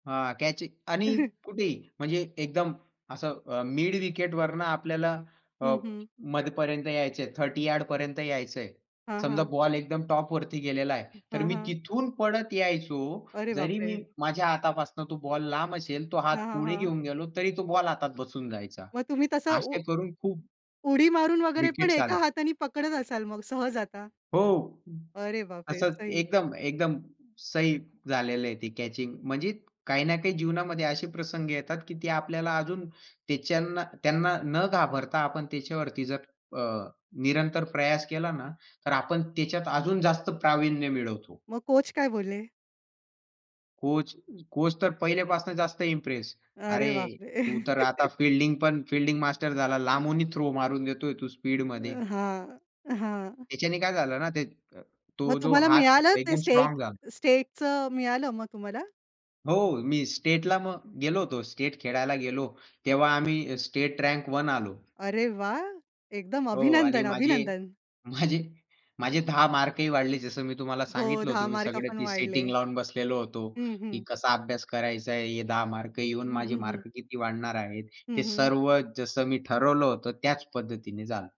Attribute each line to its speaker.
Speaker 1: हां, कॅच आणि कुठेही म्हणजे एकदम असं अ, मिड विकेटवरनं आपल्याला अ,
Speaker 2: हं, हं.
Speaker 1: मध्यापर्यंत यायचंय. 30 यार्डपर्यंत यायचंय.
Speaker 2: हां,
Speaker 1: समजा
Speaker 2: हां.
Speaker 1: बॉल एकदम टॉपवरती गेलेला आहे. तर
Speaker 2: हं,
Speaker 1: मी
Speaker 2: हं.
Speaker 1: तिथून पळत यायचो.
Speaker 2: अरे
Speaker 1: जरी मी
Speaker 2: बापरे!
Speaker 1: माझ्या हातापासून तो बॉल लांब असेल, तो हात
Speaker 2: हां, हां,
Speaker 1: पुढे
Speaker 2: हां.
Speaker 1: घेऊन गेलो तरी तो बॉल हातात बसून जायचा.
Speaker 2: मग तुम्ही तसं उ
Speaker 1: असे करून खूप
Speaker 2: उडी मारून वगैरे पण
Speaker 1: विकेट्स
Speaker 2: 1
Speaker 1: आला.
Speaker 2: हाताने पकडत असाल मग सहज आता.
Speaker 1: हो
Speaker 2: अरे बापरे!
Speaker 1: असं
Speaker 2: सही.
Speaker 1: एकदम एकदम सही झालेलं आहे ते कॅचिंग. म्हणजे काही ना काही जीवनामध्ये असे प्रसंग येतात, की ती आपल्याला अजून त्याच्यांना त्यांना न घाबरता आपण त्याच्यावरती जर अ, निरंतर प्रयास केला ना तर आपण त्याच्यात अजून जास्त प्रावीण्य मिळवतो.
Speaker 2: मग कोच काय बोलले?
Speaker 1: कोच कोच तर पहिल्यापासून जास्त इम्प्रेस.
Speaker 2: अरे
Speaker 1: अरे
Speaker 2: बापरे!
Speaker 1: तू तर आता फील्डिंगपण फील्डिंग मास्टर झाला. लांबूनही थ्रो मारून देतोय तू स्पीडमध्ये.
Speaker 2: अ, हां, हां.
Speaker 1: त्याच्याने काय झालं ना,
Speaker 2: मग
Speaker 1: तो जो
Speaker 2: तुम्हाला
Speaker 1: हात
Speaker 2: मिळालं
Speaker 1: तो
Speaker 2: ते
Speaker 1: एकदम
Speaker 2: स्टेट
Speaker 1: स्ट्राँग झाला.
Speaker 2: स्टेटचं मिळालं मग तुम्हाला?
Speaker 1: हो मी स्टेटला मग गेलो होतो. स्टेट खेळायला गेलो तेव्हा आम्ही स्टेट रँक 1 आलो.
Speaker 2: अरे वाह! एकदम
Speaker 1: हो आणि
Speaker 2: अभिनंदन,
Speaker 1: माझे
Speaker 2: अभिनंदन.
Speaker 1: माझे माझे 10 मार्कही वाढले, जस मी तुम्हाला
Speaker 2: हो,
Speaker 1: सांगितलं
Speaker 2: 10
Speaker 1: होतं. मी सगळं
Speaker 2: मार्कपण
Speaker 1: ती सेटिंग
Speaker 2: वाढले.
Speaker 1: लावून बसलेलो होतो.
Speaker 2: हं,
Speaker 1: की
Speaker 2: हं.
Speaker 1: कसा अभ्यास करायचा आहे, हे 10 मार्क येऊन
Speaker 2: हं,
Speaker 1: माझे
Speaker 2: हं, हं.
Speaker 1: मार्क किती वाढणार आहेत. ते
Speaker 2: हं, हं.
Speaker 1: सर्व जसं मी ठरवलं होतं, त्याच पद्धतीने झालं.